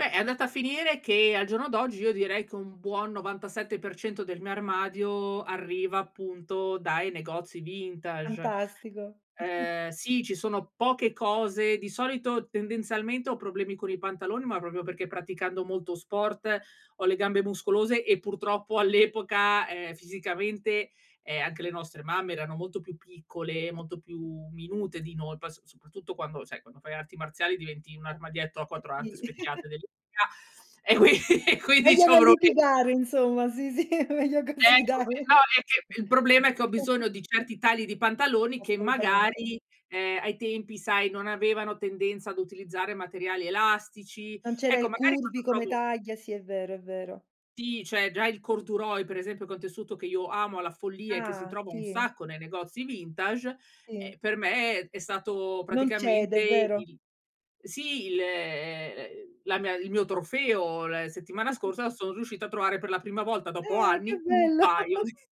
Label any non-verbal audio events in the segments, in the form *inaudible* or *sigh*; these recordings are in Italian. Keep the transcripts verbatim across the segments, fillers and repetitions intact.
Beh, è andata a finire che al giorno d'oggi io direi che un buon novantasette per cento del mio armadio arriva, appunto, dai negozi vintage. Fantastico! *chuckles* Ehm, sì, ci sono poche cose di solito, tendenzialmente ho problemi con i pantaloni, ma proprio perché praticando molto sport ho le gambe muscolose e purtroppo *chuckles* all'epoca, ehm, fisicamente, ehm, anche le nostre mamme erano molto più piccole, molto più minute di noi, poi s soprattutto quando sai, quando fai arti marziali diventi un armadietto a Eh quattro ante sì. *chuckles* specchiate dell'I *unintelligible* e quin e quindi Meglio c'ho non proble litigare insomma. Sì, sì, *chuckles* meglio così Ecco dai. qui, no é che il problema è che ho bisogno *chuckles* di certi tagli di pantaloni che Assolutamente. magari ehm, ai tempi sai non avevano tendenza ad utilizzare materiali elastici. Non c'era Ecco, il magari curvy quando come provo taglia, sì, è vero, è vero. Sì, cioè già il corduroy per esempio, che è un tessuto che io amo alla follia e che si Ah! trova un Sì. sacco nei negozi vintage, Sì. ehm, per me è stato Non cede, praticamente è vero. il sì, il, ehm, ehm, la mia il mio trofeo la settimana *chuckles* scorsa son riuscita a trovare per la prima volta dopo Ah, che anni un bello! paio *chuckles* di *chuckles*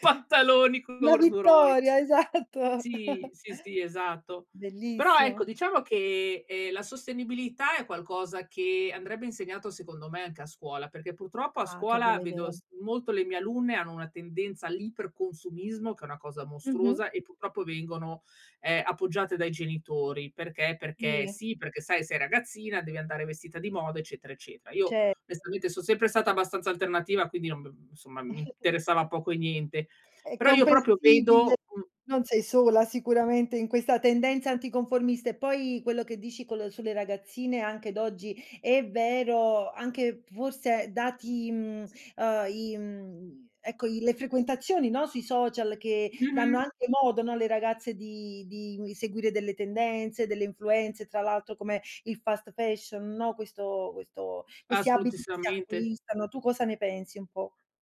pantaloni Una corduroy. vittoria, esatto. Sì, *chuckles* sì, sì, esatto. Però, ecco, Bellissimo! diciamo che, ehm, la sostenibilità è qualcosa che andrebbe insegnato secondo me anche a scuola, perché purtroppo a Ah! Che scuola bella vedo idea! s molto le mie alunne hanno una tendenza all'iper consumismo che è una cosa Mh-mh. mostruosa, e purtroppo vengono, ehm, appoggiate dai genitori. Perché? Perché Sì. sì, perché, sai, sei ragazzina, devi andare vestita di moda, eccetera, eccetera. Io Certo. onestamente son sempre stata abbastanza alternativa quindi non b insomma, mi *chuckles* interessava poco e niente. È Però io proprio comprensibile, vedo un non sei sola sicuramente in questa tendenza anticonformista. E poi quello che dici col sulle ragazzine anche d'oggi è vero, anche forse dati, mhmm, uhm, i, mhmm, ecco i le frequentazioni, no, sui social che danno Mh-mh. anche modo, no, alle ragazze di di seguire delle tendenze, delle influenze, tra l'altro come il fast fashion, no, questo questo questi abiti che si Assolutissimamente. acquistano. Tu cosa ne pensi un po'?